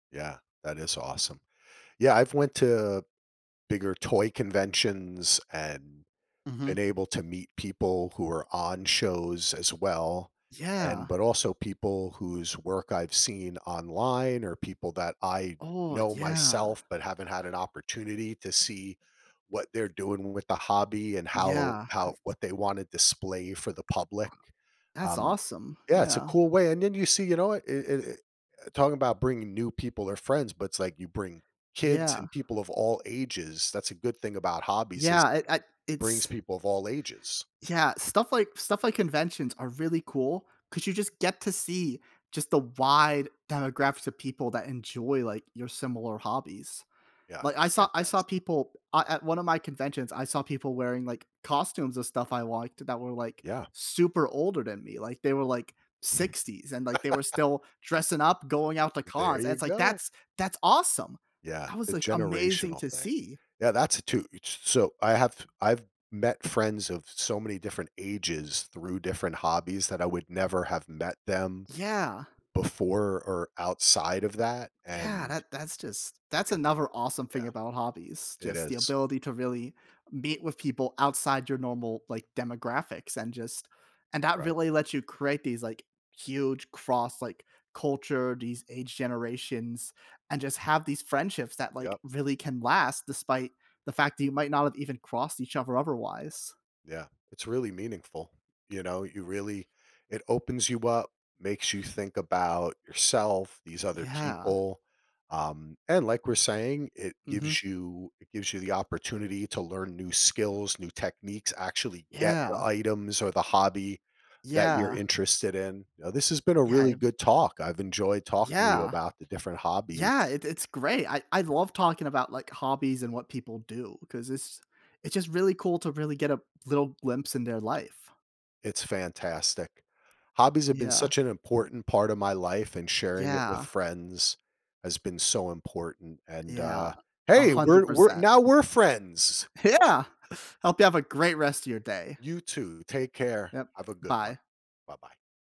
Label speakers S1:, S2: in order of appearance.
S1: Yeah, that is awesome. Yeah, I've went to bigger toy conventions and been
S2: Mhm.
S1: able to meet people who are on shows, as well, and
S2: Yeah.
S1: but, also, people whose work I've seen online or people that I
S2: Oh,
S1: know
S2: yeah.
S1: myself, but haven't had an opportunity to see what they're doing with the hobby and how
S2: Yeah,
S1: how
S2: it's
S1: what they wanna display for the public,
S2: That's
S1: um
S2: awesome,
S1: yeah, it's a
S2: yeah.
S1: cool way and then you see you know what? Eh eh eh, talk about bringing new people or friends, but it's like you bring kids
S2: Yeah.
S1: and people of all ages, that's a good thing about hobbies is
S2: Yeah,
S1: it
S2: it I
S1: brings
S2: it's
S1: people of all ages.
S2: Yeah, stuff like stuff, like conventions are really cool, 'cause you just get to see, just the wide demographics of people that enjoy, like, your similar hobbies.
S1: Yeah,
S2: Like, I
S1: it's
S2: saw I saw
S1: fantast
S2: people, uh, at 1 of my conventions, I saw people wearing, like, costumes of stuff I liked that were, like,
S1: Yeah.
S2: super older than me, like, they were, like, 60s, and, like, they were still dressing up, going out to
S1: There
S2: cons, and
S1: you
S2: it's, like,
S1: go.
S2: that's that's awesome!
S1: Yeah,
S2: That was,
S1: the
S2: like, amazing
S1: generational
S2: to
S1: thing.
S2: see.
S1: Yeah, that's it, too, s so I have I've met friends of so many different ages through different hobbies that I would never have met them
S2: Yeah.
S1: before or outside of that,
S2: Yeah,
S1: and
S2: that that's just that's
S1: i
S2: another, awesome thing
S1: yeah.
S2: about hobbies,
S1: It
S2: just, the
S1: is.
S2: ability to really meet with people outside your normal, like, demographics, and just and that
S1: Right.
S2: really lets you create these, like, huge cross, like, culture, these age generations, and just have these friendships that, like,
S1: Yep.
S2: really can last despite the fact that you might not have even crossed each other otherwise.
S1: Yeah, it's really meaningful, you know, you really it opens you up, makes you think about yourself, these other
S2: Yeah.
S1: people, um, and, like we're saying, it
S2: Mhm.
S1: gives you it gives you the opportunity to learn new skills, new techniques, actually get the
S2: Yeah.
S1: items or the hobby that you're
S2: Yeah.
S1: interested in uh, this has been a
S2: Yeah,
S1: really
S2: it f
S1: good talk, I've enjoyed talking to you
S2: Yeah.
S1: about the different
S2: Yeah,
S1: hobbies.
S2: it it's great, I I love talking about, like, hobbies and what people do, 'cause it's it's, just, really cool to really get a little glimpse in their life.
S1: It's fantastic. Hobbies have been
S2: Yeah.
S1: such an important part of my life and sharing it with
S2: Yeah.
S1: friends has been so important, and, uh
S2: Yeah, a
S1: hey! We're
S2: hundred
S1: we're
S2: percent.
S1: now we're friends!
S2: Yeah! Hope you have a great rest of your day.
S1: You too, take care,
S2: Yep,
S1: have a good one.
S2: bye.
S1: Bye-bye.